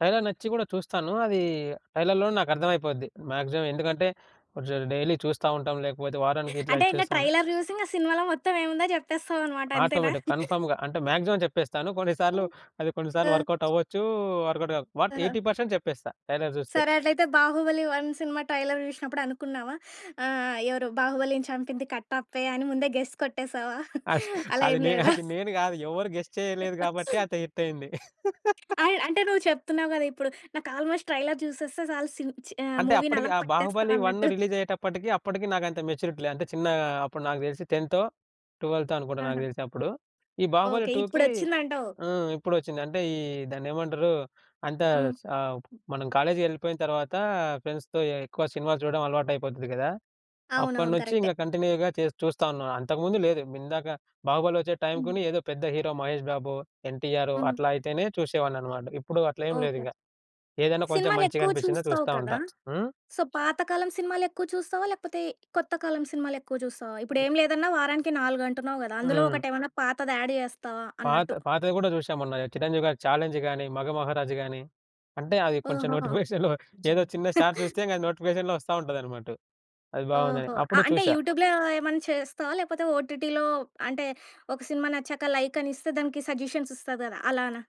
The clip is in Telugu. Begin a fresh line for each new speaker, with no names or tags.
ట్రైలర్ నచ్చి గూడా చూస్తాను. అది ట్రైలర్‌లోనే నాకు అర్థమైపోద్ది మ్యాక్సిమం. ఎందుకంటే, కొంచెం డైలీ చూస్తా ఉంటాం, లేకపోతే వారానికిట్లా
అంటే ఇంగ
చేస్తాం
ట్రైలర్ జూసి, ఇంగ సినిమాలో మొత్తం ఏముందో జెప్పేస్తావనమాట. అంతేనా?
ఆటోమేటిక్‌, కన్ఫర్మ్‌గా. అంటే మాక్సిమం జెప్పేస్తాను. కొన్ని సార్లు అది కొన్ని
ఆ!
సార్లు వర్కౌట్ అవ్వచ్చు, వర్కౌట్‌గాక వాట్
ఆహా!
80% చెప్పేస్తా, ట్రైలర్ జూస్తే.
సరే అట్లయితే బాహుబలి 1 సినిమా ట్రైలర్ జూషినప్పుడు అనుకున్నావా? ఆహ్, ఎవరు బాహుబలిని చంపింది కట్టప్పే అని ముందే గెస్ కొట్టేసావా?
అస్ అది
అలా ఏం
నేన్
లేదా?
అది నేను గాదు. ఎవరు గెస్ చేయలేదు గాబట్టే, అంత హిట్ అయింది.
అయ్ అంటే నువ్వు చెప్తున్నావు గదా! ఇప్పుడు. "నాకు ఆల్మోస్ట్ ట్రైలర్ జూసేస్తే సాలు, సి చి ఆహ్,
అంటే, అప్పడికి
మూవీనలా
ఆ
పట్టేస్తా"
బాహుబలి 1
అన్నట్టు.
రిలీజ్ అయ్యేటప్పటికి, అప్పటికి నాకంత మెచ్యూరిటీ లేదు. అంటే చిన్నగా అప్పుడు నాకు తెలిసి 10థో, 12థో అనుకుంటా, నాకు
ఆహా!
తెలిసి అప్పుడు. ఈ బాహుబలి
ఓకే.
2కి
ఇప్పుడొచ్చిందంటావు.
హ్మ్. ఇప్పుడొచ్చింది. అంటే ఈ దాన్నేమంటారు? అంత
హ్మ్.
సా మనం కాలేజీకెళ్ళిపోయిన తర్వాత, ఫ్రెండ్స్‌తో ఎక్కువ సినిమాలు జూడడం అలవాటయిపోతది గదా!
అవునవును.
అప్పడినుంచి
కరెక్టే.
ఇంగ కంటిన్యూగా చేస్ చూస్తా ఉన్నాను. అంతకుముందు లేదు. ఇందాక బాహుబలి ఒచ్చే టైం
హ్మ్.
గుని ఏదో పెద్ద హీరో మహేష్ బాబో, ఎన్‌టీఆరో
హ్మ్.
అట్లా అయితేనే చూసేవాడిననమాట. ఇప్పుడు అట్లేం
ఓకే.
లేదిగ. ఏదైనా కొంచెం మంచిగా
సినిమాలెక్కువ
అనిపిచ్చిందా
చూస్తావు
చూస్తా
కదా!
ఉంటా. హ్మ్?
సో పాత కాలం సినిమాలెక్కువ చూస్తావా? లేకపోతే కొత్త కాలం సినిమాలెక్కువ జూస్తావా? ఇప్పుడేం లేదన్నా వారానికి 4 అంటున్నావు గదా! అందులో
హ్మ్.
ఒకటేవన్నా పాతది యాడ్ జేస్తావా?
పాత
అన్నట్టు.
పాతవి గూడా చూశా మొన్న. చిరంజీవి గారి 'ఛాలెంజ్' గాని, 'మగమహారాజు' గాని అంటే అది కొంచెం
ఓహో!
నోటిఫికేషన్‌లో
అజ్జో!
ఏదో చిన్న షార్ట్ చూస్తే, ఇంగ అది నోటిఫికేషన్‌లో ఒస్తా ఉంటాదనమాటు. అది బావుందని
ఓహో! అ
అప్పుడు
అంటే
చూశా.
యూట్యూబ్‌లో ఏమన్నా చేస్తావా? లేపోతే ఓటీటీలో అంటే ఒక సినిమా నచ్చాక లైక్ అనిస్తే, దానికి సజెషన్స్ ఇస్తది గదా! అలానా?